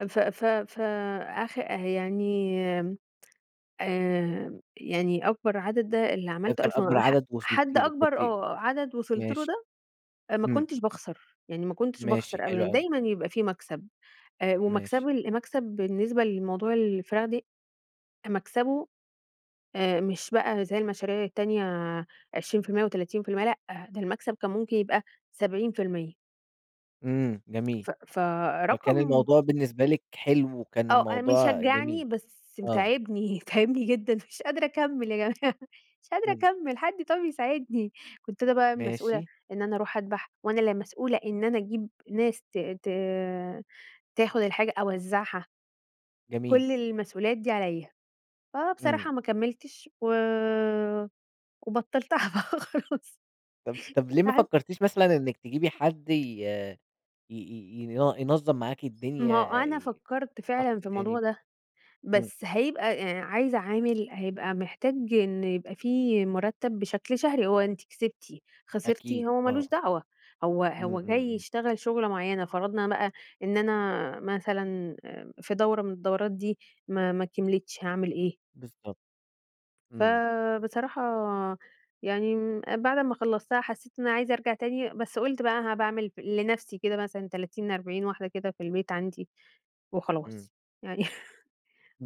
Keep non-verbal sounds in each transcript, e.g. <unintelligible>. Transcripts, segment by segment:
ف ف ف أخ يعني آآ، يعني أكبر عدد ده اللي ده عملته كان 1000 أكبر <unintelligible> ح عدد وصلتِ حد له، أكبر، كنتِ آه عدد وصلت له ماشي. ده ما امم. كنتش باخسر، يعني ما كنتش ماشي، باخسر أبدًا، حلو أوي. دايمًا يبقى في مكسب، آآ، ماشي. ومكسبه ال مكسب بالنسبة لموضوع الفراخ دي مكسبه آآ، مش بقى زي المشاريع التانية 20% و30%، لأ، ده المكسب كان ممكن يبقى 70%. امم، جميل، ف فكان فرقم الموضوع بالنسبة لِك حلو وكان آه، أ الموضوع مشجعني جميل، بس ب آه. تاعبني، تاعبني جدًا، مش قادرة أكمّل يا جماعة مش قادرة امم. أكمّل، حد طب يساعدني، كنت أنا بقى المسؤولة ماشي. إن أنا أروح أدبح، وأنا اللي مسؤولة إن أنا أجيب ناس ت ت تاخد الحاجة أوزعها. جميل. كل المسؤوليات دي عليَّ، امم. فبصراحة ما كمّلتش و وبطّلتها بقى خلاص، طب طب ليه ما تعبت. فكرتيش مثلًا إنِّك تجيبي حد ي ي ي ين ينظم معاكِ ما هو الدنيا، أنا فكرت شخص فعلًا في تاني الموضوع ده، امم. بس هيبقى آآ، عايزة عامل هيبقى محتاج إن يبقى في مرتب بشكل شهري، هو أنتِ كسبتِ خسرتِ أكيد، هو آه. مالوش دعوة، هو امم. امم. هو جاي امم. يشتغل شغلة معينة، فرضنا بقى إن أنا مثلًا في دورة من الدورات دي ما ما كِملِتش، هاعمل إيه؟ بالضبط، امم. فبصراحة يعني امم بعد ما خلّصتها حسيت إن أنا عايزة أرجع تاني، بس قُلت بقى ها باعمل لنَفسي كده مثلًا 30، 40 واحدة كده في البيت عندي امم. وخلاص، يعني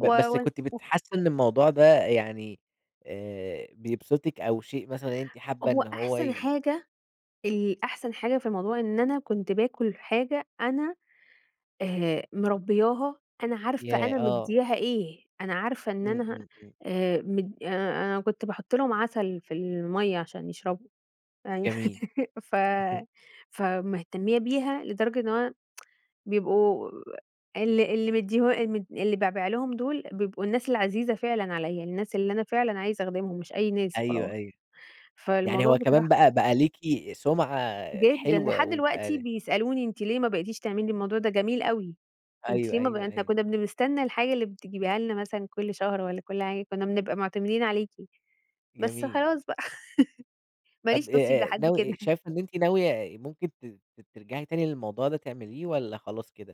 و بس و كنت وكل بتحسي إن الموضوع ده يعني آآ، بيبسطِك أو شيء مثلًا إن أنتِ حابة هو إن هو أحسن ي حاجة ال أحسن حاجة في الموضوع إن أنا كنت باكل حاجة أنا آآ، مربّياها، أنا عارفة ياه! أنا آه. مدياها إيه، أنا عارفة إن امم، أنا امم، امم. آآ، مد أنا كنت باحط لهم عسل في المَيّة عشان يشربوا، أيوه، جميل. <laughs> ف <chuckles> فمهتميّة بيها لدرجة إنه أنا <tsk> بيبقوا ال اللي مدياه اللي م اللي بابيع لهم دول بيبقوا الناس العزيزة فعلًا عليَّ، الناس اللي أنا فعلًا عايزة أخدمهم مش أي ناس أيوه، وخلاص. أيوه. يعني فالموضوع هو كمان بصراحة بقى بقى ليكِ سُمعة جدًا، حلوة لحد دلوقتي وبقى بيسألوني: "أنتِ ليه ما بقيتيش تعملي الموضوع ده جميل أوي، أنتِ أيوه، ليه ما بقى أيوه، إحنا أيوه. كنا بنستنى الحاجة اللي بتجيبيها لنا مثلًا كُلّ شهر والّا كُلّ حاجة، كنا بنبقى معتمدين عليكِ." بس جميل. خلاص بقى، <laughs> ماليش طب نصيب آآ لحد ناو كده. <chuckles> شايفة إن أنتِ ناوية ممكن ت ت ترجعي تاني للموضوع ده تعمليه والّا خلاص كده؟